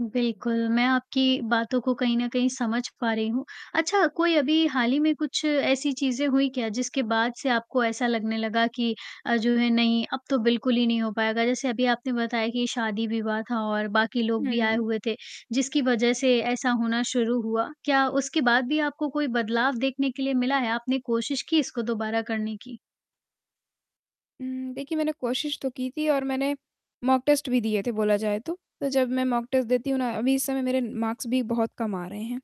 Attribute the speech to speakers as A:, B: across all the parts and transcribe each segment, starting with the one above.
A: बिल्कुल, मैं आपकी बातों को कहीं न कहीं समझ पा रही हूँ, अच्छा कोई अभी हाल ही में कुछ ऐसी चीज़ें हुई क्या, जिसके बाद से आपको ऐसा लगने लगा कि अ, जो है नहीं, अब तो बिल्कुल ही नहीं हो पाएगा? जैसे अभी आपने बताया कि शादी-विवाह था और बाकी लोग भी आए
B: हुँ।
A: हुए थे, जिसकी वजह से ऐसा होना शुरू हुआ, क्या उसके बाद भी आपको कोई बदलाव देखने के लिए मिला है? आपने कोशिश की इसको दोबारा करने की?
B: हुँ, देखिए मैंने कोशिश तो की थी और मैंने मॉक टेस्ट भी दिए थे बोला जाए तो, तो जब मैं मॉक टेस्ट देती हूँ ना अभी इस समय मेरे मार्क्स भी बहुत कम आ रहे हैं,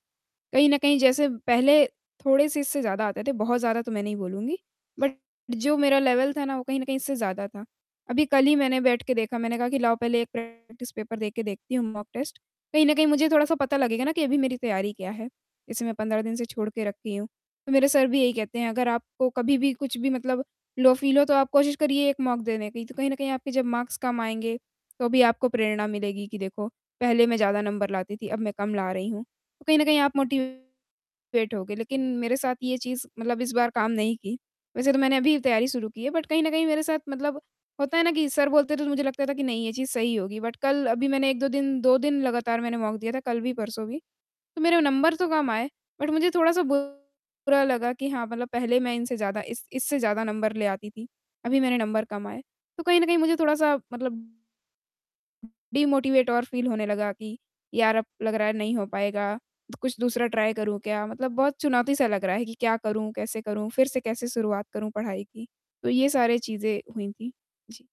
B: कहीं न कहीं जैसे पहले थोड़े-से इससे ज़्यादा आते थे, बहुत ज़्यादा तो मैं नहीं बोलूँगी। बट जो मेरा लेवल था ना, वो कहीं न कहीं इससे ज़्यादा था, अभी कल ही मैंने बैठ के देखा, मैंने कहा कि लाओ पहले एक प्रैक्टिस पेपर दे के देखती हूँ, मॉक टेस्ट, कहीं न कहीं मुझे थोड़ा-सा पता लगेगा ना कि अभी मेरी तैयारी क्या है? इसे मैं 15 दिन से छोड़ के रखी हूँ, तो मेरे सर भी यही कहते हैं, "अगर आपको कभी भी कुछ भी मतलब लो फील हो, तो आप कोशिश करिए 1 मॉक देने की, तो कहीं न कहीं आपके जब मार्क्स कम आएँगे, तो भी आपको प्रेरणा मिलेगी कि, देखो, पहले मैं ज़्यादा नंबर लाती थी, अब मैं कम ला रही हूँ। तो कहीं न कहीं आप मोटिवेट होगे," लेकिन मेरे साथ ये चीज़, मतलब इस बार काम नहीं की, वैसे तो मैंने अभी ही तैयारी शुरू की है बट कहीं न कहीं मेरे साथ मतलब होता है ना कि सर बोलते थे, तो मुझे लगता था कि नहीं, ये चीज़ सही होगी, बट कल अभी मैंने 1-2 दिन 2 दिन लगातार मैंने मॉक दिया था, कल भी, परसों भी। तो मेरे वो नंबर तो कम आए, बट मुझे थोड़ा-सा बुरा लगा कि हाँ, मतलब पहले मैं इनसे ज़्यादा इस इससे ज़्यादा नंबर ले आती थी, अभी मैंने नंबर कम आए। तो कहीं न कहीं मुझे थोड़ा-सा मतलब डिमोटिवेट और फील होने लगा कि यार अब लग रहा है नहीं हो पाएगा, द कुछ दूसरा ट्राई करूँ क्या? मतलब बहुत चुनौती सा लग रहा है कि क्या करूँ, कैसे करूँ? फिर से कैसे शुरुआत करूँ पढ़ाई की? तो ये सारी चीज़ें हुई थी। जी।